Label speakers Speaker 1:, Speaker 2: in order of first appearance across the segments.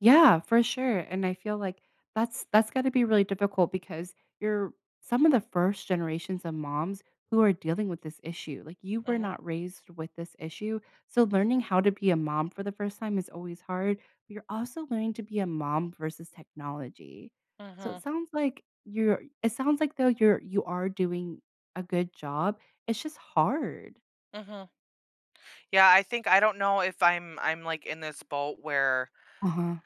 Speaker 1: Yeah, for sure, and I feel like that's that's gotta be really difficult because you're some of the first generations of moms who are dealing with this issue, like you were
Speaker 2: Mhm.
Speaker 1: not raised with this issue, so learning how to be a mom for the first time is always hard. You're also learning to be a mom versus technology so it
Speaker 2: Mhm.
Speaker 1: sounds like you're it sounds like, though, you're you are doing a good job, it's just hard.
Speaker 2: Mhm. Yeah I think I don't know if I'm I'm like in this boat where
Speaker 1: Uh-huh.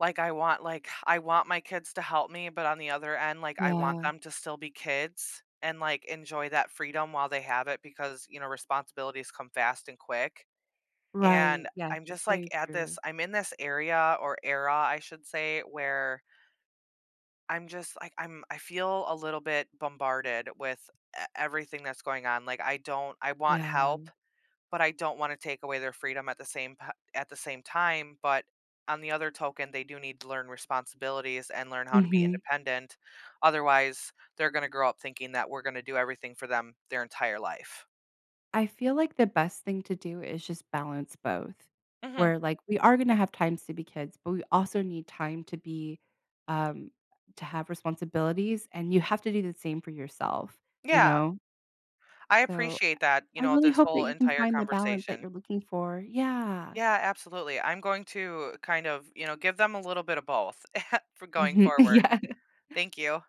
Speaker 2: like, I want, like, I want my kids to help me, but on the other end like I want
Speaker 1: Yeah.
Speaker 2: them to still be kids, and like, enjoy that freedom while they have it because, you know, responsibilities come fast and quick, and
Speaker 1: Right, yes,
Speaker 2: I'm
Speaker 1: that's
Speaker 2: just like,
Speaker 1: very
Speaker 2: at
Speaker 1: true.
Speaker 2: this I'm in this area or era I should say where I'm just, like, I'm I feel a little bit bombarded with e everything that's going on, like, I don't I want
Speaker 1: Yeah.
Speaker 2: help, but I don't wanna take away their freedom at the same pi at the same time, but, on the other token, they do need to learn responsibilities and learn how to be
Speaker 1: Mhm.
Speaker 2: independent, otherwise, they're gonna grow up thinking that we're gonna do everything for them their entire life.
Speaker 1: I feel like the best thing to do is just balance both.
Speaker 2: Mhm.
Speaker 1: Where like, we are going to have times to be kids, but we also need time to be, um to have responsibilities and you have to do the same for yourself, you
Speaker 2: Yeah.
Speaker 1: know?
Speaker 2: I
Speaker 1: So,
Speaker 2: appreciate that, you
Speaker 1: I
Speaker 2: know,
Speaker 1: really
Speaker 2: this
Speaker 1: hope that
Speaker 2: whole
Speaker 1: you can
Speaker 2: entire
Speaker 1: find the balance that
Speaker 2: conversation.
Speaker 1: you're looking for, yeah.
Speaker 2: Yeah, absolutely, I'm going to kind of, you know, give them a little bit of both for going
Speaker 1: Mhm,
Speaker 2: forward.
Speaker 1: yeah.
Speaker 2: Thank you.